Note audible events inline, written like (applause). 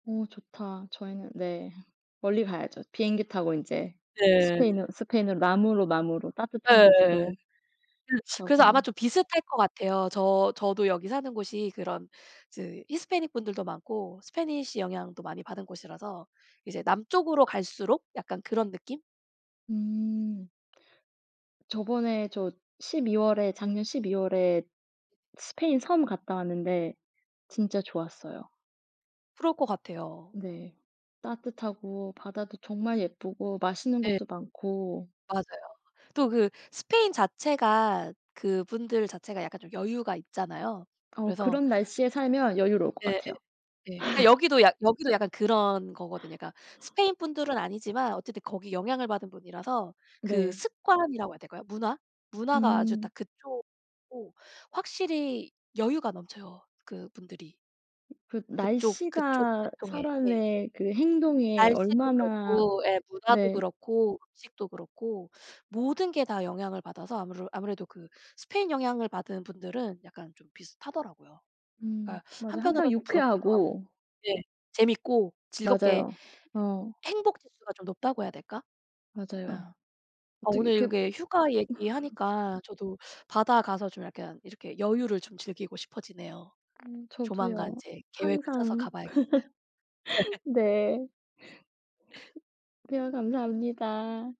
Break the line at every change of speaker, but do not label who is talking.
어 좋다. 저희는 네. 멀리 가야죠. 비행기 타고 인제
네.
스페인으 스페인으로 남으로, 남으로 따뜻한
예예.
곳으로
음. (sucks teeth) 그래서
가고
아마
막.
좀 비슷할 것 같아요. 저 저도 여기 사는 곳이 그런 즈 히스패닉 분들도 많고 스패니쉬 영향도 많이 받은 곳이라서 이제 남쪽으로 갈수록 약간 그런 느낌?
음. 저번에 저 12 월에 작년 12 월에 스페인 섬 갔다 왔는데
네.
진짜 좋았어요.
그럴 것 같아요.
네. 따뜻하고 바다도 정말 예쁘고 맛있는
네.
것도 많고.
맞아요. 또 그 스페인 자체가 그분들 자체가 약간 좀 여유가 있잖아요.
어
그래서
그런 날씨에 살면 여유로울 것
예예.
같아요.
예. 그러니까
(laughs)
여기도 약 여기도 약간 그런 거거든요. 그러니까 스페인 분들은 아니지만 어쨌든 거기 영향을 받은 분이라서 그
네.
습관이라고 해야 될까요? 문화? 문화가 아주 다
음.
그쪽이고 확실히 여유가 넘쳐요, 그 분들이.
그
그쪽 그쪽
날씨가
계통의 예.
사람의 그 행동에
날씨도
얼마나
그렇고 예, 문화도
네.
그렇고 음식도 그렇고 모든 게 다 영향을 받아서 아무르 아무래도 그 스페인 영향을 받은 분들은 약간 좀 비슷하더라고요.
음.
그러니까
맞아. 항상
한편으로는 좀 부럽기도 하고
유쾌하고
네. 재밌고 즐겁게 해
맞아요. 어.
행복지수가 좀 높다고 해야 될까? 예.
맞아요.
어
어떻게
오늘
이렇게
이렇게 휴가
(laughs)
얘기하니까 저도 바다 가서 좀 약간 이렇게 여유를 좀 즐기고 싶어지네요.
음.
조만간
저도요.
이제 계획을 짜서
항상
가 봐야겠어요. (laughs)
(laughs) 네. 대화 감사합니다.